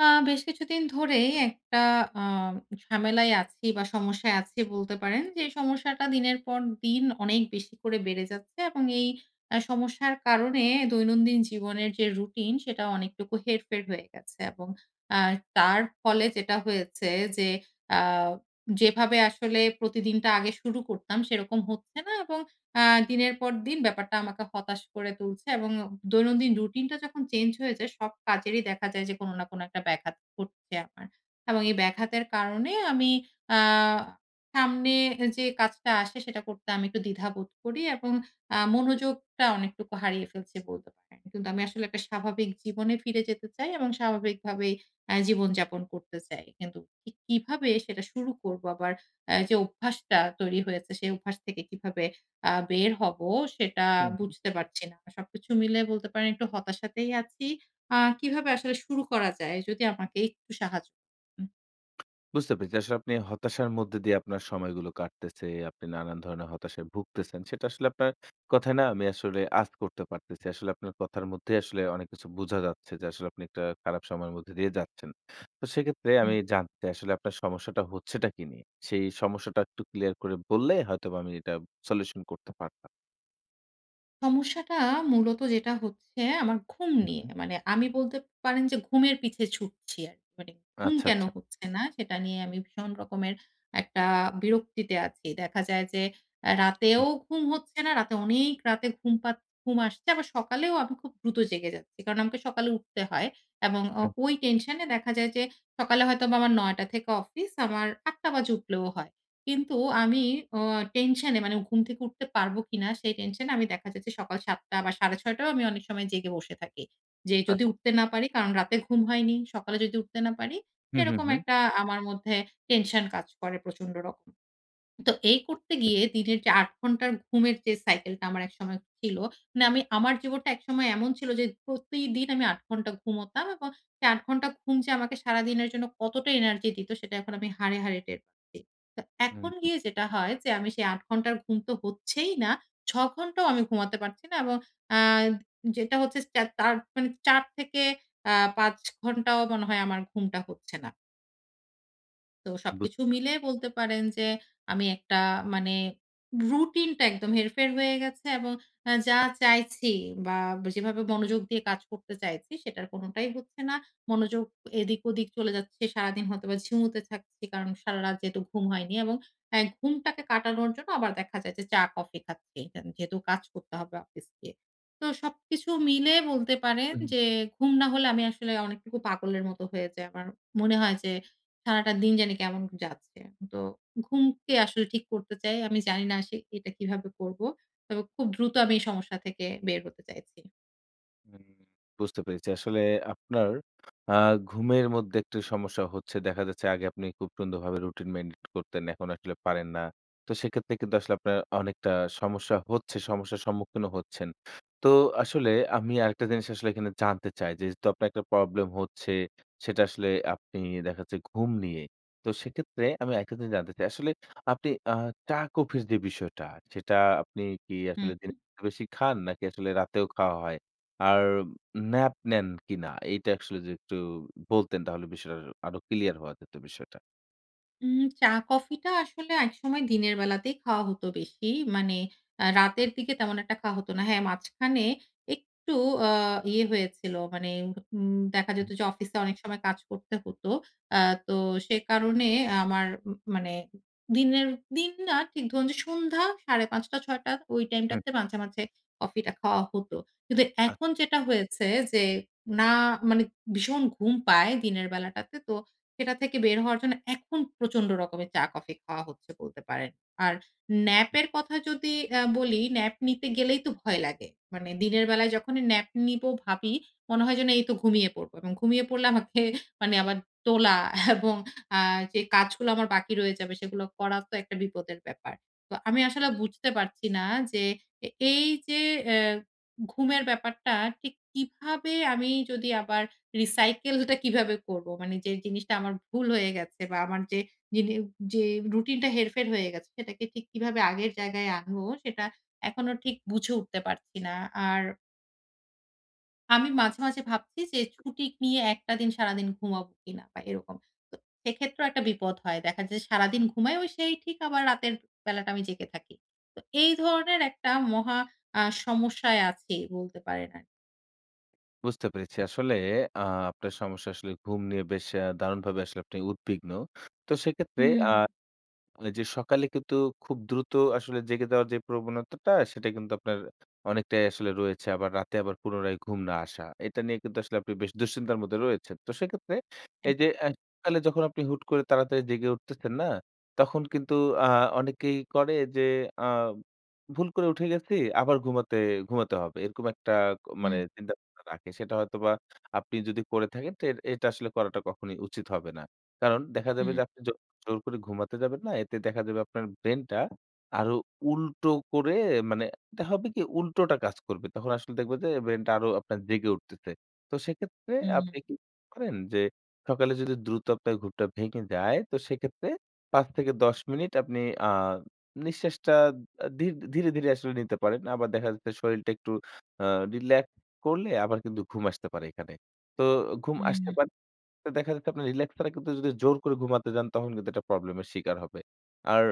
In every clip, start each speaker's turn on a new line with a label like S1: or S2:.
S1: আ বেশ কিছুদিন ধরেই একটা আ ঝামেলায় আছি বা সমস্যায় আছি বলতে পারেন। যে সমস্যাটা দিনের পর দিন অনেক বেশি করে বেড়ে যাচ্ছে। এবং এই আ সমস্যার কারণে দৈনন্দিন জীবনের যে রুটিন সেটা অনেকটুকু হেরফের হয়ে গেছে। এবং অ্যা তার ফলে যেটা হয়েছে, যে অ্যা যেভাবে আসলে প্রতিদিনটা আগে শুরু করতাম সেরকম হচ্ছে না এবং অ্যা দিনের পর দিন ব্যাপারটা আমাকে হতাশ করে তুলছে এবং দৈনন্দিন রুটিনটা যখন চেঞ্জ হয়ে যায় সব কাজেরই দেখা যায় যে কোনো না কোনো একটা ব্যাঘাত ঘটছে আমার। এবং এই ব্যাঘাতের কারণে আমি আ সামনে যে কাজটা আসে সেটা করতে আমি একটু দ্বিধা বোধ করি এবং আ মনোযোগটা অনেকটুকু হারিয়ে ফেলছি বলতে পারেন। কিন্তু আমি আসলে একটা স্বাভাবিক জীবনে ফিরে যেতে চাই এবং স্বাভাবিকভাবেই অ্যা জীবন-যাপন করতে চাই। কিন্তু কিভাবে সেটা শুরু করব? আবার অ্যা যে অভ্যাসটা তৈরি হয়েছে সে অভ্যাস থেকে কিভাবে আ বের হব সেটা
S2: হুম, হুম।
S1: বুঝতে পারছি না। সবকিছু মিলায়ে বলতে পারেন একটু হতাশাতেই আছি। আ কিভাবে আসলে শুরু করা যায়? যদি আমাকে একটু সাহায্য উম-হুম।
S2: বুঝতে পেরেছি। আসলে আপনি হতাশার মধ্যে দিয়ে আপনার সময়গুলো কাটতেছে, আপনি নানান ধরনের হতাশায় ভুগতেছেন। সেটা আসলে আপনার কথায় না আমি আসলে আঁচ করতে পারতেছি। আসলে আপনার কথার মধ্যেই আসলে অনেক কিছু বোঝা যাচ্ছে যে আসলে আপনি একটা খারাপ সময়ের মধ্যে দিয়ে যাচ্ছেন। তো সেক্ষেত্রে
S1: হুম।
S2: আমি জানতে চাই, আসলে আপনার সমস্যাটা হচ্ছেটা কি নিয়ে? সেই সমস্যাটা একটু ক্লিয়ার করে বললে হয়তোবা আমি এটা সলিউশন করতে পারতাম।
S1: সমস্যাটা মূলত যেটা হচ্ছে আমার ঘুম নিয়ে।
S2: উম-হুম।
S1: মানে আমি বলতে পারেন যে ঘুমের পিছে ছুটছি আরকি। মানে ঘুম
S2: আচ্ছা,
S1: কেন
S2: আচ্ছা।
S1: হচ্ছে না? সেটা নিয়ে আমি ভীষণ রকমের একটা বিরক্তিতে আছি। দেখা যায় যে অ্যা রাতেও
S2: উব।
S1: ঘুম হচ্ছে না। রাতে অনেক রাতে ঘুম পা ঘুম আসছে। আবার সকালেও আমি খুব দ্রুত জেগে যাচ্ছি। কারণ আমাকে সকালে উঠতে হয় এবং অ
S2: উম।
S1: ওই টেনশনে দেখা যায় যে, সকালে হয়তোবা আমার ৯ টা থেকে অফিস, আমার ৮ টা বাজে উঠলেও হয়। কিন্তু আমি অ টেনশনে মানে ঘুম থেকে উঠতে পারব কিনা সেই টেনশনে আমি দেখা যাচ্ছে সকাল ৭ টা বা সাড়ে ৬ টায়ও আমি অনেক সময় জেগে বসে থাকি। যে যদি
S2: আচ্ছা।
S1: উঠতে না পারি? কারণ রাতে ঘুম হয়নি। সকালে যদি উঠতে না পারি?
S2: হুম, হুম,
S1: সেরকম
S2: হুম।
S1: একটা আমার মধ্যে টেনশন কাজ করে প্রচন্ড রকম। তো এই
S2: উদ
S1: করতে গিয়ে
S2: গেছে
S1: দিনের যে ৮ ঘন্টার ঘুমের যে cycle টা আমার একসময় ছিল, মানে আমি আমার জীবনটা একসময় এমন ছিল যে প্রতিদিন আমি ৮ ঘন্টা ঘুমোতাম এবং এ ৮ ঘন্টা ঘুম যে আমাকে সারাদিনের জন্য কতটা এনার্জি দিত? সেটা এখন আমি হাড়ে, হাড়ে টের পাচ্ছি। তো
S2: হুম,
S1: এখন
S2: হুম।
S1: গিয়ে যেটা হয় যে আমি সেই ৮ ঘন্টা ঘুম তো হচ্ছেই না, ৬ ঘন্টাও আমি ঘুমাতে পারছি না। এবং অ্যা যেটা হচ্ছে স্ট্যা তার মানে ৪ থেকে অ্যা ৫ ঘন্টাও মনে হয় আমার ঘুমটা হচ্ছে না। তো
S2: বুঝ
S1: সবকিছু মিলে বলতে পারেন যে আমি একটা মানে রুটিনটা একদম হেরফের হয়ে গেছে এবং এ যা চাইছি বা ব যেভাবে মনোযোগ দিয়ে কাজ করতে চাইছি সেটার কোনটাই হচ্ছে না। মনোযোগ এদিক ওদিক চলে যাচ্ছে। সারাদিন হয়তোবা ঝিমুতে থাকছি। কারণ সারারাত যেহেতু ঘুম হয়নি। এবং হ্যাঁ ঘুমটাকে কাটানোর জন্য আবার দেখা যায় যে চা কফি খাচ্ছি এখানে। যেহেতু কাজ করতে হবে অফিস গিয়ে। তো সবকিছু মিলে বলতে পারেন
S2: উহুম।
S1: যে ঘুম না হলে আমি আসলে অনেকটুকু পাগলের মত হয়ে যাই। আমার মনে হয় যে সারাটা দিন জানি কেমন যাচ্ছে। তো ঘুমকে আসলে ঠিক করতে চাই। আমি জানি না আসে এটা কিভাবে করব? তবে খুব দ্রুত আমি এই সমস্যা থেকে বের হতে চাইছি।
S2: হুম বুঝতে পেরেছি। আসলে আপনার আ ঘুমের মধ্যে একটা সমস্যা হচ্ছে। দেখা যাচ্ছে আগে আপনি খুব সুন্দরভাবে রুটিন মেনটেইন করতেন। এখন আসলে পারেন না। তো সেক্ষেত্রে কিন্তু আসলে আপনার অনেকটা সমস্যা হচ্ছে, সমস্যার সম্মুখীনও হচ্ছেন। তো আসলে আমি আরেকটা জিনিস আসলে এখানে জানতে চাই যেহেতু আপনার একটা প্রবলেম হচ্ছে সেটা আসলে আপনি দেখা যাচ্ছে ঘুম নিয়েই। তো সেক্ষেত্রে আমি আরেকটা জিনিস জানতে চাই আসলে আপনি আ চা কফির যে বিষয়টা সেটা আপনি কি
S1: হুম,
S2: আসলে
S1: হুম।
S2: দিনে বেশি খান? নাকি আসলে রাতেও খাওয়া হয়? আর ন্যাপ নেন কিনা? এটা আসলে যদি একটু বলতেন তাহলে বিষয়টা আরো ক্লিয়ার হওয়া যেত বিষয়টা।
S1: উম চা-কফি টা আসলে একসময় দিনের বেলাতেই খাওয়া হত বেশি। মানে আ রাতের দিকে তেমন একটা খাওয়া হত না। হ্যাঁ মাঝখানে একটু আ ইয়ে হয়েছিল। মানে উম দেখা যেত
S2: উব।
S1: যে অফিসে অনেক সময় কাজ করতে হত। আ তো সে কারণে আমার উম মানে দিনের দিন না ঠিক ধরুন যে সন্ধ্যা সাড়ে ৫ টা, ৬ টা ওই
S2: হুম।
S1: টাইমটাতে মাঝে, মাঝে কফি টা খাওয়া হত। কিন্তু এখন
S2: আচ্ছা।
S1: যেটা হয়েছে যে না মানে ভীষণ ঘুম পায় দিনের বেলাটাতে। তো সেটা থেকে বের হওয়ার জন্য এখন প্রচন্ড রকমের চা-কফি খাওয়া হচ্ছে বলতে পারেন। আর nap
S2: উব।
S1: এর কথা যদি অ্যা বলি nap নিতে গেলেই তো ভয় লাগে। মানে দিনের বেলায় যখনই nap নিবো ভাবি, মনে হয় যেন এই তো ঘুমিয়ে পড়ব। ঘুমিয়ে পড়লে আমাকে আবার তোলা এবং আ যে কাজ এগুলো আমার বাকি রয়ে যাবে। সেগুলো করা তো একটা বিপদের ব্যাপার। তো আমি আসলে বুঝতে পারছি না যে এ এই যে এহ ঘুমের ব্যাপারটা ঠিক কিভাবে আমি যদি আবার রিসাইকেল টা কিভাবে করব? মানে যে জিনিসটা আমার ভুল হয়ে গেছে বা আমার যে দিনে যে রুটিন টা হেরফের হয়ে গেছে, সেটাকে ঠিক কিভাবে আগের জায়গায় আনব? সেটা এখনো ঠিক বুঝে উঠতে পারছি না। আর আমি মাঝে, মাঝে ভাবছি যে ছুটি নিয়ে একটা দিন সারাদিন ঘুমাবো কিনা? বা এরকম। তো সেক্ষেত্রেও একটা বিপদ হয়। দেখা যায় সারাদিন ঘুমাই, ওই সেই ঠিক আবার রাতের বেলাটা আমি জেগে থাকি। তো এই ধরনের একটা মহা আ সমস্যায় আছি বলতে পারেন আরকি।
S2: বুঝতে পেরেছি। আসলে আ আপনার সমস্যা আসলে ঘুম নিয়ে বেশ অ্যা দারুণভাবে আসলে আপনি উদ্বিগ্ন। তো সেক্ষেত্রে
S1: হুম।
S2: আ এইযে সকালে কিন্তু খুব দ্রুত আসলে জেগে দেওয়ার যে প্রবণতাটা, সেটা কিন্তু আপনার অনেকটাই আসলে রয়েছে। আবার রাতে আবার পুনরায় ঘুম না আসা। এটা নিয়ে কিন্তু আসলে আপনি বেশ দুঃশ্চিন্তার মধ্যে রয়েছেন। তো সেক্ষেত্রে এই
S1: একদম।
S2: যে অ্যা সকালে যখন আপনি হুট করে তাড়াতাড়ি জেগে উঠতেছেন না? তখন কিন্তু আ অনেকেই করে যে আ "ভুল করে উঠে গেছি, আবার ঘুমাতে ঘুমাতে হবে।" এরকম একটা মানে
S1: হুম।
S2: চিন্তাভাবনা রাখে। সেটা হয়তোবা আপনি যদি করে থাকেন তো এট এটা আসলে করাটা কখনই উচিত হবে না। কারণ দেখা যাবে
S1: হুম।
S2: যে আপনি জোর জোর করে ঘুমাতে যাবেন না। এতে দেখা যাবে আপনার ব্রেইন টা আরো উল্টো করে মানে এতে হবে কি উল্টোটা কাজ করবে। তখন আসলে দেখবা যে ব্রেইন টা আরো আপনার জেগে উঠতেছে। তো সেক্ষেত্রে
S1: হুম।
S2: আপনি কি করেন যে সকালে যদি দ্রুত আপনার ঘুমটা ভেঙে যায়, তো সেক্ষেত্রে ৫ থেকে ১০ মিনিট আপনি আ নিঃশ্বাসটা আ ধী ধীরে, ধীরে আসলে নিতে পারেন। আবার দেখা যাচ্ছে শরীরটা একটু আ রিল্যাক্স করলে আবার কিন্তু ঘুম আসতে পারে এখানে। তো ঘুম আসতে
S1: হুম।
S2: পারে তো দেখা যাচ্ছে আপনার রিল্যাক্স ছাড়া কিন্তু যদি জোর করে ঘুমাতে যান, তখন কিন্তু এটা প্রবলেম এর শিকার হবে। আর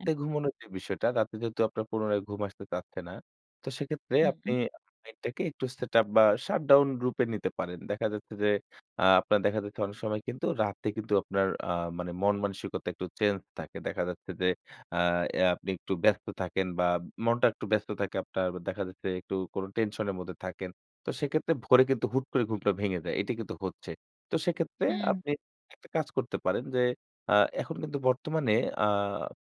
S1: এব।
S2: ঘুমোনোর যে বিষয়টা। রাতে যেহেতু আপনার পুনরায় ঘুম আসতে চাচ্ছে না। তো সেক্ষেত্রে আপনি
S1: হুম।
S2: আ নেটটাকে একটু setup বা shut down রূপে নিতে পারেন। দেখা যাচ্ছে যে আ আপনার দেখা যাচ্ছে অনেক সময় কিন্তু রাতে কিন্তু আপনার আ মানে মন মানসিকতা একটু চেঞ্জ থাকে। দেখা যাচ্ছে যে আ অ্যা আপনি একটু ব্যস্ত থাকেন বা মনটা একটু ব্যস্ত থাকে আপনার। দেখা যাচ্ছে একটু কোন টেনশন এর মধ্যে থাকেন। তো সেক্ষেত্রে ভোরে কিন্তু হুট করে ঘুমটা ভেঙে যায়। এটা কিন্তু হচ্ছে। তো সেক্ষেত্রে
S1: হুম।
S2: আপনি একটা কাজ করতে পারেন। যে আ এখন কিন্তু বর্তমানে আ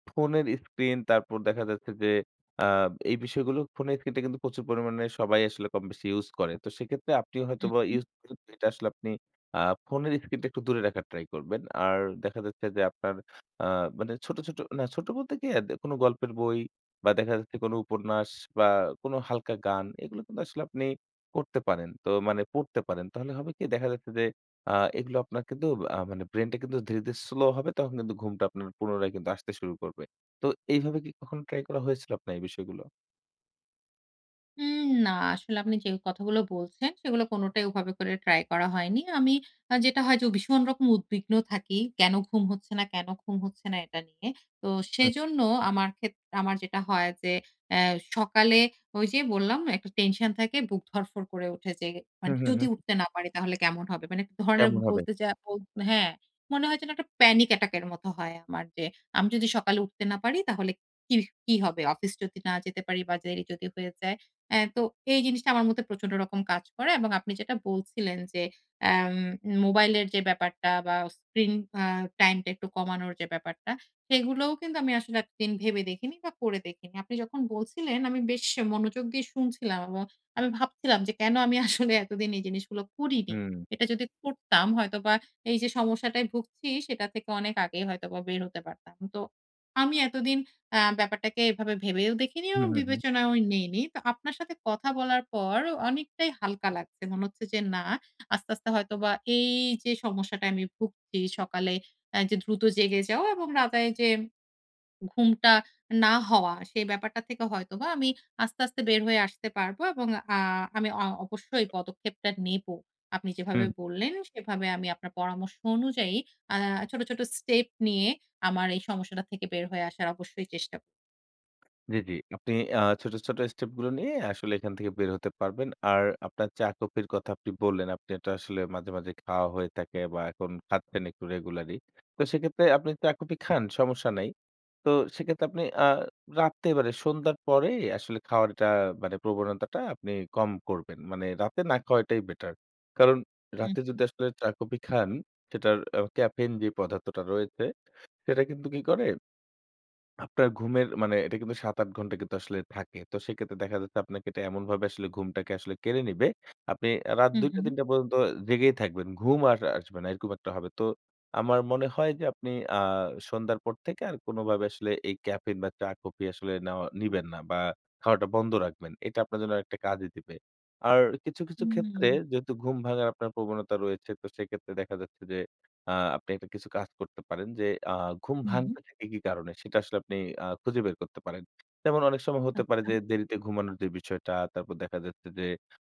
S2: ফোনের স্ক্রিন তারপর দেখা যাচ্ছে যে আ এই বিষয়গুলো ফোনের স্ক্রিন টা কিন্তু প্রচুর পরিমাণে সবাই আসলে কমবেশি ইউস করে। তো সেক্ষেত্রে আপনি
S1: হু,
S2: হয়তোবা
S1: হু।
S2: ইউস করতে করতে এটা আসলে আপনি আ ফোনের স্ক্রিনটা একটু দূরে রাখার ট্রাই করবেন। আর দেখা যাচ্ছে যে আপনার আ মানে ছোট, ছোট না ছোট বলতে কি? অ্যা কোন গল্পের বই। বা দেখা যাচ্ছে কোন উপন্যাস বা কোন হালকা গান এগুলো কিন্তু আসলে আপনি করতে পারেন তো মানে পড়তে পারেন তাহলে হবে কি? দেখা যাচ্ছে যে আ এগুলো আপনার কিন্তু আ মানে ব্রেইন টা কিন্তু ধীরে, ধীরে স্লো হবে তখন কিন্তু ঘুমটা আপনার পুনরায় আসতে শুরু করবে। তো এইভাবে কি কখনো ট্রাই করা হয়েছিল আপনার এই বিষয়গুলো?
S1: উম না। আসলে আপনি যে কথাগুলো বলছেন সেগুলো কোনটাই ওভাবে করে ট্রাই করা হয়নি। আমি আ যেটা হয় যে উ ভীষণ রকম উদ্বিগ্ন থাকি। কেন ঘুম হচ্ছে না? কেন ঘুম হচ্ছে না? এটা নিয়ে। তো
S2: হুম।
S1: সেজন্য আমার ক্ষেত আমার যেটা হয় যে এহ সকালে ওই যে বললাম না একটা টেনশন থাকে বুক ধড়ফড় করে উঠে যে মানে
S2: হুম, হুম,
S1: যদি
S2: হুম।
S1: উঠতে না পারি তাহলে কেমন হবে? মানে ধরনের
S2: কেমন হবে?
S1: বলতে যা বল হ্যাঁ মনে হয় যেন একটা panic attack এর মত হয় আমার. যে আমি যদি সকালে উঠতে না পারি তাহলে কি কি হবে? অফিস যদি না যেতে পারি বা দেরি যদি হয়ে যায়। এহ তো এই জিনিসটা আমার মধ্যে প্রচন্ড রকম কাজ করে। এবং আপনি যেটা বলছিলেন যে এম মোবাইল এর যে ব্যাপারটা বা স্ক্রিন এহ টাইম টা একটু কমানোর যে ব্যাপারটা. সেগুলোও কিন্তু আমি আসলে এতদিন ভেবে দেখিনি বা করে দেখিনি। আপনি যখন বলছিলেন আমি বেশ মনোযোগ দিয়ে শুনছিলাম. এবং আমি ভাবছিলাম যে কেন আমি আসলে এতদিন এই জিনিসগুলো করিনি।
S2: হুম।
S1: এটা যদি করতাম হয়তোবা এই যে সমস্যাটায় ভুগছি, সেটা থেকে অনেক আগেই হয়তোবা বের হতে পারতাম। তো আমি এতদিন আ ব্যাপারটাকে এভাবে ভেবেও দেখিনি
S2: হুম,
S1: এবং
S2: হুম, হুম।
S1: বিবেচনাও নিইনি। তো আপনার সাথে কথা বলার পর অনেকটাই হালকা লাগছে। মনে হচ্ছে যে না আস্তে, আস্তে হয়তোবা এই যে সমস্যাটায় আমি ভুগছি সকালে অ্যা যে দ্রুত জেগে যাও এবং রাতে এইযে ঘুমটা না হওয়া, সে ব্যাপারটা থেকে হয়তোবা আমি আস্তে, আস্তে বের হয়ে আসতে পারব। এবং আ আমি অ অবশ্যই এই পদক্ষেপটা নেব। আপনি যেভাবে
S2: হুম।
S1: বললেন সেভাবে আমি আপনার পরামর্শ অনুযায়ী আ ছোট, ছোট স্টেপ নিয়ে আমার এই সমস্যাটা থেকে বের হয়ে আসার অবশ্যই চেষ্টা
S2: জ্বি, জ্বি। আপনি আ ছোট, ছোট স্টেপ গুলো নিয়ে আসলে এখান থেকে বের হতে পারবেন। আর আপনার চা-কফির কথা আপনি বললেন আপনি এটা আসলে মাঝে, মাঝে খাওয়া হয়ে থাকে বা এখন খাচ্ছেন একটু রেগুলারলি। তো সেক্ষেত্রে আপনি চা কফি খান, সমস্যা নাই। তো সেক্ষেত্রে আপনি আ রাত্রে মানে সন্ধ্যার পরেই আসলে খাওয়ারটা মানে প্রবণতাটা আপনি কম করবেন। মানে রাতে না খাওয়াটাই বেটার। কারণ রাতে
S1: উম-হুম।
S2: যদি আসলে চা কফি খান সেটার আ ক্যাফেইন যে পদার্থটা রয়েছে সেটা কিন্তু কি করে? আপনার ঘুমের মানে এটা কিন্তু ৭ ৮ ঘন্টা কিন্তু আসলে থাকে। তো সেই ক্ষেত্রে দেখা যাচ্ছে আপনাকে এটা এমনভাবে আসলে ঘুমটাকে আসলে কেড়ে নিবে। আপনি এ রাত
S1: হুম,
S2: ২ টা,
S1: হুম।
S2: ৩ টা পর্যন্ত জেগেই থাকবেন। ঘুম আর আসবে না এরকম একটা হবে। তো আমার মনে হয় যে আপনি আ সন্ধ্যার পর থেকে আর কোনোভাবে আসলে এই ক্যাফেইন বা চা-কফি আসলে নেওয়া নিবেন না বা খাওয়াটা বন্ধ রাখবেন। এটা আপনার জন্য একটা কাজই দিবে। আর কিছু, কিছু ক্ষেত্রে
S1: হুম।
S2: যেহেতু ঘুম ভাঙার আপনার প্রবণতা রয়েছে তো সেক্ষেত্রে দেখা যাচ্ছে যে আ আপনি একটা কিছু কাজ করতে পারেন যে আ ঘুম
S1: হুম।
S2: ভাঙতে থাকে কি কারণে? সেটা আসলে আপনি আ খুঁজে বের করতে পারেন। যেমন অনেক সময় হতে পারে
S1: আচ্ছা।
S2: যে দেরিতে ঘুমানোর যে বিষয়টা তারপর দেখা যাচ্ছে যে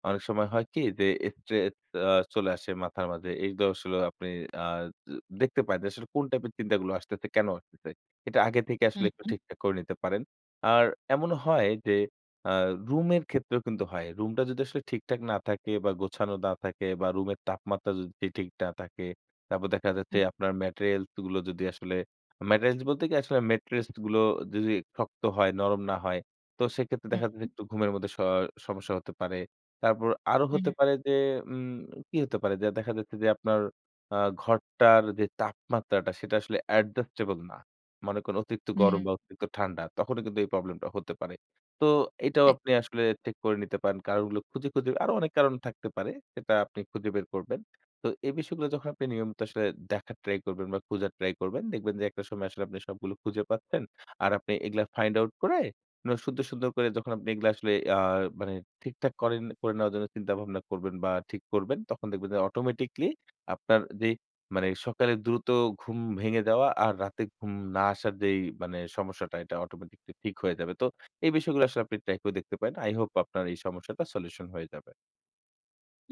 S2: অনেক সময় হয় কি? যে স্ট্রেস আ চলে আসে মাথার মাঝে এই আসলে আপনি আ দে দেখতে পায় যে আসলে কোন টাইপের চিন্তাগুলো আসতেছে, কেন আসতেছে? এটা আগে থেকে আসলে
S1: হুম,
S2: একটু
S1: হুম।
S2: ঠিকঠাক করে নিতে পারেন। আর এমনও হয় যে আ রুম এর ক্ষেত্রেও কিন্তু হয়। রুমটা যদি আসলে ঠিকঠাক না থাকে বা গোছানো না থাকে বা রুমের তাপমাত্রা যদি ঠিক না থাকে। তারপর দেখা যাচ্ছে
S1: হুম।
S2: আপনার materials গুলো যদি আসলে materials বলতে কি? আসলে মেট্রেস গুলো যদি শক্ত হয় নরম না হয় তো সেক্ষেত্রে দেখা
S1: হুম,
S2: যাচ্ছে
S1: হুম।
S2: একটু ঘুমের মধ্যে স সমস্যা হতে পারে। তারপর আরো হতে
S1: হুম।
S2: পারে যে উম কি হতে পারে? যে দেখা যাচ্ছে যে আপনার আ ঘরটার যে তাপমাত্রাটা সেটা আসলে adjustable না। মনে করেন অতিরিক্ত
S1: হুম।
S2: গরম বা অতিরিক্ত ঠান্ডা। তখনও কিন্তু এই প্রবলেম টা হতে পারে। তো এটাও
S1: এক
S2: আপনি আসলে ঠিক করে নিতে পারেন। কারণগুলো খুঁজে, খুঁজে আরও অনেক কারণ থাকতে পারে। সেটা আপনি খুঁজে বের করবেন। তো এই বিষয়গুলো যখন আপনি নিয়মিত আসলে দেখার ট্রাই করবেন বা খুঁজার ট্রাই করবেন দেখবেন যে একটা সময় আসলে আপনি সবগুলো খুঁজে পাচ্ছেন। আর আপনি এগুলা ফাইন্ড আউট করে সুন্দর, সুন্দর করে যখন আপনি এগুলা আসলে আ মানে ঠিকঠাক করেন করে নেওয়ার জন্য চিন্তাভাবনা করবেন বা ঠিক করবেন তখন দেখবেন যে অটোমেটিকলি আপনার যে মানে সকালে দ্রুত ঘুম ভেঙে যাওয়া আর রাতে ঘুম না আসার যেই মানে সমস্যাটা এটা অটোমেটিকলি ঠিক হয়ে যাবে। তো এই বিষয়গুলো আসলে আপনি ট্রাই করে দেখতে পারেন। তো আই হোপ আপনার এই সমস্যাটা সলিউশন হয়ে যাবে।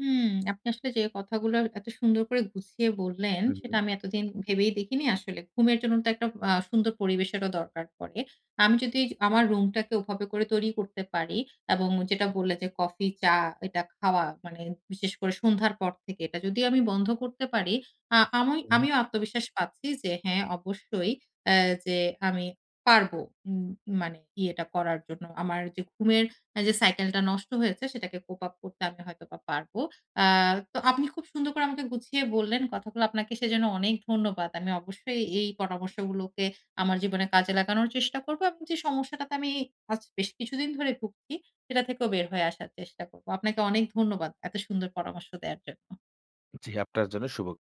S1: হুম আপনি আসলে যে কথাগুলো এত সুন্দর করে গুছিয়ে বললেন সেটা
S2: উম-হুম।
S1: আমি এতদিন ভেবেই দেখিনি আসলে। ঘুমের জন্য তো একটা আ সুন্দর পরিবেশেরও দরকার পড়ে। আমি যদি য আমার রুমটাকে ওভাবে করে তৈরি করতে পারি এবং যেটা বললে যে কফি চা এটা খাওয়া মানে বিশেষ করে সন্ধ্যার পর থেকে এটা যদি আমি বন্ধ করতে পারি। আ আমি
S2: হুম।
S1: আমিও আত্মবিশ্বাস পাচ্ছি যে হ্যাঁ অবশ্যই এ যে আমি পারবো উম মানে ইয়েটা করার জন্য। আমার যে ঘুমের এ যে সাইকেল টা নষ্ট হয়েছে সেটাকে cope up করতে আমি হয়তোবা পারব। আ তো আপনি খুব সুন্দর করে আমাকে গুছিয়ে বললেন। কথাগুলো আপনাকে সেজন্য অনেক ধন্যবাদ। আমি অবশ্যই এই পরামর্শগুলোকে আমার জীবনে কাজে লাগানোর চেষ্টা করব। এবং যে সমস্যাটাতে আমি আজ বেশ কিছুদিন ধরে ভুগছি সেটা থেকেও বের হয়ে আসার চেষ্টা করব। আপনাকে অনেক ধন্যবাদ। এত সুন্দর পরামর্শ দেয়ার জন্য।
S2: জ্বি আপনার জন্য শুভ।